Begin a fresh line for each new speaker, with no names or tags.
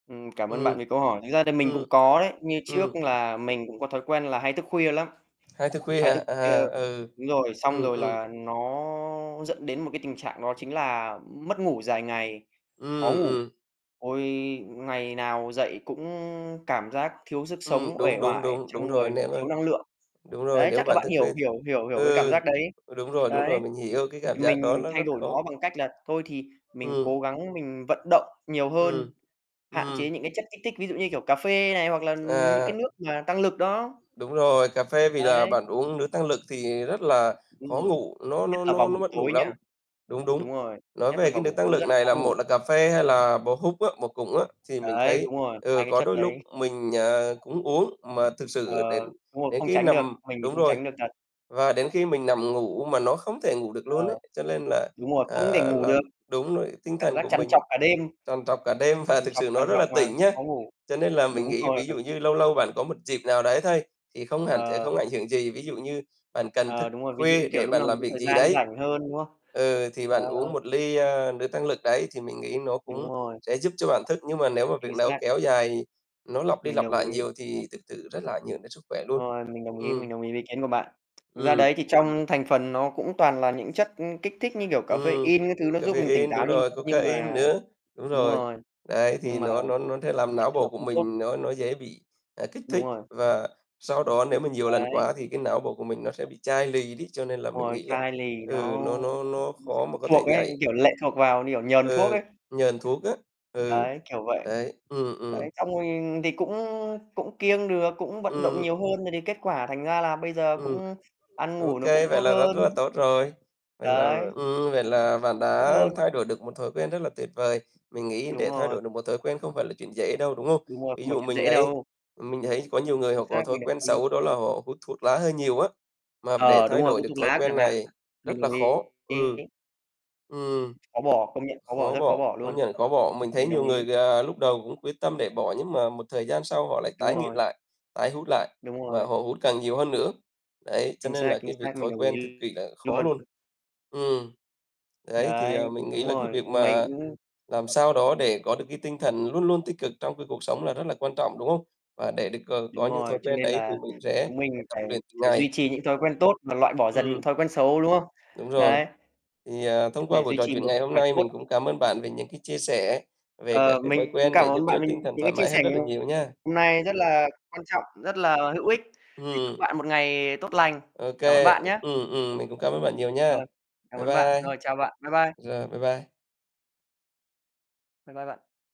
Ừm, cảm ơn
Ừm,
bạn vì câu hỏi. Thực ra thì mình cũng
ừm,
có đấy, như
ừm.
trước là mình cũng có thói quen là hay thức khuya lắm,
Hay thức khuya
hay
hả?
thức khuya
À, ừ.
đúng rồi, xong
Ừm,
rồi
ừm.
là nó dẫn đến một cái tình trạng, đó chính là mất ngủ dài ngày, khó
Ừm,
ngủ.
ừm.
Ôi, ngày nào dậy cũng cảm giác thiếu sức
Ừm,
sống, uể
đúng, đúng,
oải
đúng, đúng
trong
rồi.
người,
Nếu mà
thiếu năng lượng.
đúng rồi,
Đấy,
nếu
chắc là
bạn
bạn
thức khuya
hiểu
thì
hiểu hiểu hiểu cái cảm
ừ,
giác đấy.
ừ, đúng rồi, đúng
Đấy,
rồi, mình hiểu cái cảm giác đó
mình
nó
thay
rất
đổi
khó
nó bằng cách là thôi thì mình
Ừm.
cố gắng mình vận động nhiều
Ừm,
hơn, hạn chế
ừm.
những cái chất kích thích ví dụ, như kiểu, cà phê này hoặc là những cái
À.
nước mà tăng lực đó.
Đúng rồi, cà phê, vì là
Đấy.
bạn uống nước tăng lực thì rất là
Đúng
khó
rồi,
ngủ, nó
nhất
nó
là vào
nó nó
buổi
mất ngủ
tối nhá.
lắm. Đúng,
Đúng
đúng.
rồi,
Nói
nhất là
về cái
vào
nước
buổi
tăng
tối
lực
rất là
này
khó
là
ngủ.
một là cà phê, hai là bò húc á bò cụng á, thì mình
Đấy,
thấy,
đúng rồi,
ừ,
2 cái
có
chất
đôi lúc
đấy.
mình, à, cũng uống, mà thực
Ờ,
sự đến
đúng rồi,
đến
không
khi
tránh được,
nằm
mình thì
đúng
không
rồi,
tránh được thật.
và đến khi mình nằm ngủ mà nó không thể ngủ được
Ờ,
luôn ấy, cho nên là,
đúng rồi, không thể
ờ,
ngủ được.
làm đúng rồi, tinh
Cảm
thần
giác
của
trằn
mình
trọc cả đêm,
trằn trọc cả đêm và
trằn
thực
trọc,
sự
trằn
nó rất
trọc
là
mà
tỉnh nhá.
khó ngủ.
Cho nên là mình
Đúng
nghĩ,
rồi.
ví dụ như lâu lâu bạn có một dịp nào đấy thôi, thì không hẳn sẽ
Ờ.
không ảnh hưởng gì. Ví dụ như bạn cần thức
Ờ, đúng rồi, ví dụ,
khuya
kiểu,
để
lúc
bạn
nào mình
làm
có
việc
thời
gì
gian
đấy,
rảnh hơn, đúng không?
ừ, thì
Ờ.
bạn uống 1 ly, a, nước tăng lực đấy, thì mình nghĩ nó
Đúng
cũng
rồi.
sẽ giúp cho bạn thức nhưng mà nếu mà
Chính
việc nào
xác.
kéo dài, nó lặp đi
Mình
lặp
đồng
lại
ý.
nhiều thì thực sự rất là ảnh hưởng đến sức khỏe luôn.
Rồi, mình đồng ý,
Ừm.
mình đồng ý với ý kiến của bạn. Ra
Ừm.
đấy thì trong thành phần nó cũng toàn là những chất kích thích như, kiểu,
Ừm,
caffein các thứ, nó giúp mình tỉnh
caffein,
táo,
đúng
nhưng
rồi,
nhưng
cocain
mà
nữa, đúng
đúng
rồi.
rồi,
Đấy thì
nhưng mà
nó nó nó sẽ làm não bộ
nó
của
không tốt.
mình nó nó dễ bị, à, kích
Đúng
thích
rồi.
và sau đó nếu mà nhiều lần
Đấy.
quá thì cái não bộ của mình nó sẽ bị chai lì đi, cho nên là
Đúng
mình
rồi,
nghĩ là,
chai lì, nó
ừ, nó nó nó
cũng sẽ
khó mà
phụ
có thể
thuộc ấy,
nhạy.
kiểu, lệ thuộc vào, kiểu, nhờn thuốc
Ừ,
ấy.
nhờn thuốc á, ừ.
Đấy, kiểu vậy.
Đấy. Ừm, ừm.
Đấy, xong rồi thì cũng cũng kiêng được, cũng vận động
Ừm.
nhiều hơn, rồi thì kết quả thành ra là bây giờ
Ừm,
cũng ăn
ô
ngủ nó
kê,
cũng
vậy
tốt
là rất
hơn.
rất là tốt rồi. Vậy là
Đấy,
ừm, vậy
[unintelligible]
là bạn
vẫn
đã
hơn.
thay đổi được một thói quen rất là tuyệt vời. Mình nghĩ
Đúng
để thay
rồi.
đổi được một thói quen không phải là chuyện dễ đâu, đúng không?
Đúng rồi,
Ví
không phải
dụ
chuyện
mình
dễ
ấy
đâu.
mình thấy có nhiều người
Chính
họ có
xác,
thói
mình
quen
đồng ý.
xấu đó là họ hút thuốc lá hơi nhiều á, mà để
Ờ, đúng
thay
rồi,
đổi
hút
được
thuốc
thói
lá
quen
chẳng hạn.
này rất
Mình
là
đồng ý.
khó. Ừ. Ừm.
Khó bỏ, công nhận khó bỏ,
Khó
rất khó
bỏ,
bỏ
công
luôn.
nhận khó bỏ. Mình thấy
Mình đồng
nhiều
ý.
người, ờ, lúc đầu cũng quyết tâm để bỏ, nhưng mà một thời gian sau họ lại
Đúng
tái nghiện
rồi.
lại, tái hút lại
Đúng
mà
rồi.
họ hút càng nhiều hơn nữa. Đấy, cho
Chính
nên
xác,
là
chính
cái việc
xác, mình
thói
đồng
quen cực
ý
kỳ là khó
luôn.
luôn.
[unintelligible]
Ừm. Đấy thì,
Đấy,
à, mình
đúng
nghĩ là cái
rồi,
việc mà
mình [unintelligible]
làm sao đó để có được cái tinh thần luôn luôn tích cực trong cái cuộc sống là rất là quan trọng, đúng không? Và để được, ờ, có
Đúng
những thói
rồi, cho
quen
nên
đấy thì
là
mình sẽ
chúng mình
phải tập
phải
luyện từng
phải
ngày.
duy trì những thói quen tốt và loại bỏ dần những
Ừm.
thói quen xấu, đúng không?
Đúng rồi.
Đấy,
Thì, à, thông qua
để
buổi
duy
trò
trì
chuyện
một
ngày
sức
hôm
khỏe
nay,
tốt.
mình cũng cảm ơn bạn về những cái chia sẻ, về các
Ờ,
cái thói
mình
quen để
cảm
giúp
ơn
cho
bạn vì
tinh thần
những
thoải
cái chia
mái hơn
sẻ
rất là nhiều nha.
hôm nay, rất là quan trọng, rất là hữu ích. Thì chúc
Ừm.
bạn một ngày tốt lành.
Ô
Cảm ơn
kê,
bạn nhá.
ừm, ừm, mình cũng cảm ơn bạn nhiều nha.
Rồi, cảm
Bye
ơn bạn.
bye.
Rồi, chào bạn. Bye bye.
Rồi, bye bye.
Bye bye bạn.